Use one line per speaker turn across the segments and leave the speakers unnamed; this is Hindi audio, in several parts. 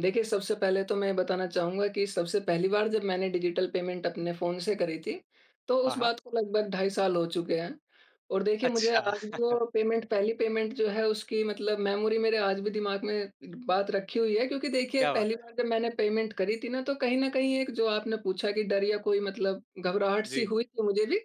देखिए, सबसे पहले तो मैं बताना चाहूँगा कि सबसे पहली बार जब मैंने डिजिटल पेमेंट अपने फ़ोन से करी थी, तो उस
हाँ, हाँ।
बात को लगभग ढाई साल हो चुके हैं और देखिए मुझे
अच्छा।
आज भी वो पेमेंट पहली पेमेंट जो है उसकी मतलब मेमोरी मेरे आज भी दिमाग में बात रखी हुई है क्योंकि देखिए
क्या
पहली
बात है।
बार जब मैंने पेमेंट करी थी ना, तो कहीं न कहीं एक जो आपने पूछा कि डर या कोई मतलब घबराहट सी
जी।
हुई थी, मुझे भी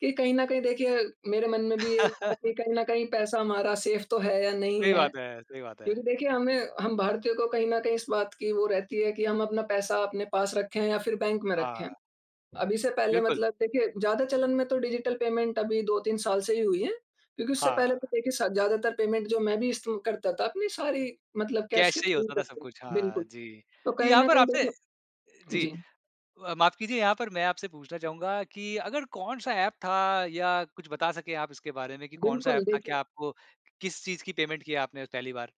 कि कहीं न कहीं देखिए मेरे मन में भी ये था कि कहीं न कहीं पैसा हमारा सेफ़ तो है या नहीं
सही
है
बात है सही बात है।
क्योंकि देखिए हमें हम भारतीयों को कहीं न कहीं इस बात की वो रहती है कि हम अपना पैसा अपने पास रखें या फिर बैंक में रखें।
हाँ।
अभी से पहले
बिल्कुल।
मतलब देखिए ज़्यादा चलन में तो डिजिटल पेमेंट अभी 2-3 साल से ही हुई है क्योंकि उससे
हाँ।
पहले तो देखिए स ज़्यादातर पेमेंट जो मैं भी ईस्ट करता था, अपनी सारी मतलब कैश
कैश
के
से ही
थ्रू
होता था सब
करते
कुछ।
रहे बिल्कुल।
हाँ जी,
तो कहीं
यहाँ
न
पर
कहीं
आपने
देखें
जी।
जी।
अ, माफ़ कीजिए यहाँ पर मैं आपसे पूछना चाहूँगा कि अगर कौन-सा ऐप था या कुछ बता सके आप इसके बारे में कि कौन-सा
बिल्कुल,
ऐप था,
देखिए
क्या आपको किस चीज़ की पेमेंट की है आपने पहली बार?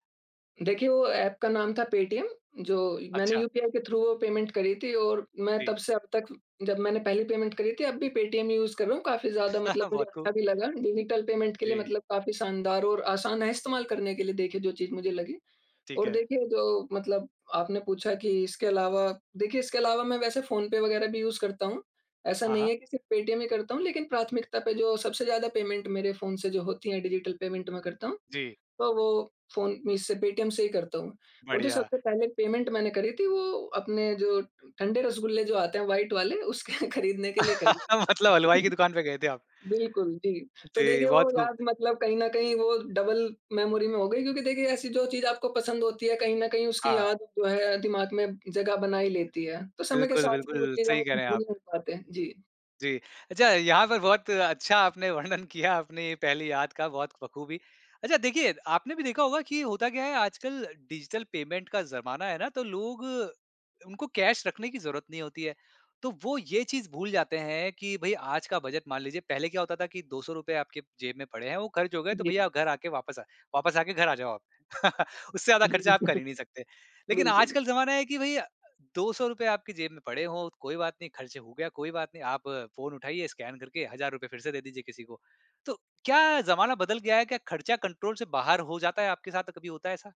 देखिए, वो ऐप का नाम था पेटीएम, जो मैंने
अच्छा।
यूपीआई के थ्रू वो पेमेंट करी थी और मैं तब
जी।
से अब तक जब मैंने पहली पेमेंट करी थी अब भी पेटीएम यूज़ कर रहा हूँ, काफ़ी ज़्यादा मतलब मुझे
बहुत
अच्छा
खूब।
भी लगा। डिजिटल पेमेंट के लिए
जी।
मतलब काफ़ी शानदार और आसान है इस्तेमाल करने के लिए देखिए जो चीज़ मुझे लगी
ठीक
और
है।
देखिए जो मतलब आपने पूछा कि इसके अलावा देखिए इसके अलावा मैं वैसे फ़ोन पे वगैरह भी यूज़ करता हूँ। ऐसा
हाँ,
नहीं
हाँ।
है कि सिर्फ़ पेटीएम ही करता हूँ, लेकिन प्राथमिकता पे जो सबसे ज़्यादा पेमेंट मेरे फ़ोन से जो होती है डिजिटल पेमेंट मैं करता हूँ।
जी।
तो वो फ़ोन मैं इससे पेटीएम से ही करता हूँ और जो
बढ़िया।
सबसे पहले पेमेंट मैंने करी थी, वो अपने जो ठ ठंडे रसगुल्ले जो आते हैं, व्हाइट वाले उसके खरीदने के लिए करी
मतलब हलवाई
थी।
की दुकान पे गए थे आप।
बिल्कुल, जी, तो
जी,
देखिए वो
बहुत खूब।
याद मतलब कहीं न कहीं वो डबल मेमोरी में हो गयी क्योंकि देखिए ऐसी जो चीज़ आपको पसंद होती है, कहीं न कहीं उसकी
हाँ।
याद जो है दिमाग़ में जगह बना ही लेती है। तो समय के
बिल्कुल,
साथ ही वो
बिल्कुल,
चीज़
सही
हम
कह रहे हैं
भूल
आप।
नहीं पाते हैं। जी।
जी। अच्छा यहाँ पर बहुत अच्छा आपने वर्णन किया आपने पहली याद का बहुत बख़ूबी। अच्छा देखिए आपने भी देखा होगा कि होता क्या है आजकल डिजिटल पेमेंट का ज़माना है ना तो लोग उनको कैश रखने की ज़रूरत नहीं होती है। तो वो ये चीज़ भूल जाते हैं कि भई आज का बजट मान लीजिए पहले क्या होता था कि ₹200 आपके जेब में पड़े हैं, वो ख़र्च हो गए तो
जी।
भैया आप घर आके वापस आ वापस आके घर आ जाओ आप। उससे ज़्यादा
जी,
ख़र्चा आप कर ही नहीं सकते, लेकिन
बिल्कुल।
आजकल ज़माना है कि भई अ, ₹200 आपकी जेब में पड़े हो कोई बात नहीं, ख़र्च हो गया कोई बात नहीं, आप फ़ोन उठाइए स्कैन करके हज़ार रुपये फिर से दे दीजिए किसी को। तो क्या ज़माना बदल गया है? क्या ख़र्चा कंट्रोल से बाहर हो जाता है, आपके साथ कभी होता है ऐसा?